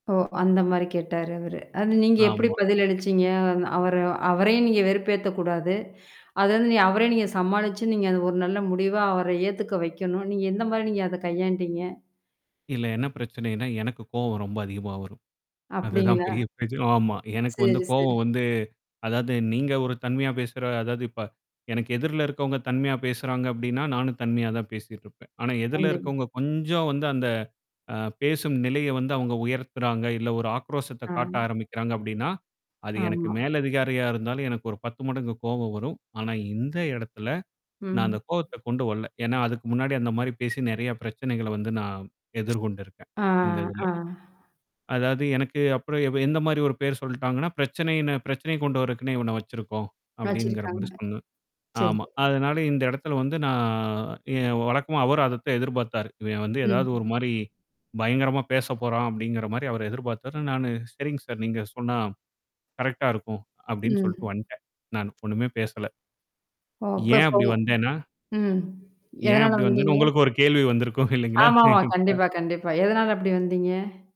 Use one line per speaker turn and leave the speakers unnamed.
ஓ! அந்த மாரி கேட்டாரு அவரு. அது நீங்க எப்படி
ஆமா.
பதில் அளிச்சீங்க? அந் அவர அவரையும் நீங்க வெறுப்பேத்தக்கூடாது. அது வந்து நீங்க அவரையும் நீங்க சமாளிச்சு, நீங்க அது ஒரு நல்ல முடிவா அவர ஏத்துக்க வைக்கணும். நீங்க எந்த மாரி நீங்க அத கையாண்டீங்க?
இல்ல என்ன பிரச்சனைன்னா, எனக்கு கோவம் ரொம்ப அதிகமா வரும். அதுதான்
அப்டிங்களா?
பெரிய பிரச்சனை ஆமா. எனக்கு வந்து
சரி சரி.
கோவம் வந்து அதாவது நீங்க ஒரு தன்மையா பேசுற அதாவது இப்ப எனக்கு எதிர்ல இருக்கவங்க தன்மையா பேசுறாங்க அப்டின்னா, நானும் தன்மையா தான் பேசிட்டுருப்பேன். ஆனா எதிர்ல
கண்டேன்.
இருக்கவங்க கொஞ்சம் வந்து அந்த அ பேசும் நிலைய வந்து அவங்க உயர்த்துறாங்க. இல்ல ஒரு ஆக்ரோஷத்த காட்ட
ஆனா.
ஆரம்பிக்கறாங்க அப்டின்னா. அது எனக்கு
ஆமா.
மேல்லதிகாரியா இருந்தாலும் எனக்கு ஒரு 10 மடங்கு கோவம் வரும். ஆனா இந்த எடத்துல, நான்
ம்.
அந்த கோவத்த கொண்டு வரல. ஏன்னா அதுக்கு முன்னாடி அந்த மாரி பேசி நெறைய பிரச்சனைகள வந்து நான் எதிர்கொண்டிருக்கேன்
ஆ,
இந்த இதுல.
ஆ.
அதாவது எனக்கு அப்புறம் எவ் எந்த மாரி ஒரு பேர் சொல்ட்டாங்கன்னா, பிரச்சனைனு பிரச்சனைய கொண்டு வரக்குன்னே இவன வச்சிருக்கோம். அப்டிங்கிற மாரி
வச்சிருக்காங்க.
சொன்னாங்க.
சரி.
ஆமா, அதனால இந்த இடத்துல வந்து நான் என் வழக்கமா அவரும் அதத்த எதிர்பாத்தாரு. இவன் வந்து
ம்.
ஏதாவது ஒரு மாரி பயங்கரமா பேசப்போறான் அப்டிங்கற மாரி அவரு எதிர்பாத்தாரு. நானு "சரிங் சார், நீங்க சொன்னா கரெக்ட்டா இருக்கும்" அப்டின்னு சொல்ட்டு
ம்.
வன்டேன். நானு .ஒண்ணுமே பேசல.
ஓ!
ஏன் அப்டி
அப்பகோவம்.
வந்தேன்னா
ம்.
ஏன்
எதனால
அப்டி வந்தேன்னு
வந்தீங்க?
உங்களுக்கு ஒரு கேள்வி வந்திருக்கும் இல்லீங்களா?
ஆமாமா,
[unintelligible]
கண்டிப்பா கண்டிப்பா. எதனால அப்டி வந்தீங்க?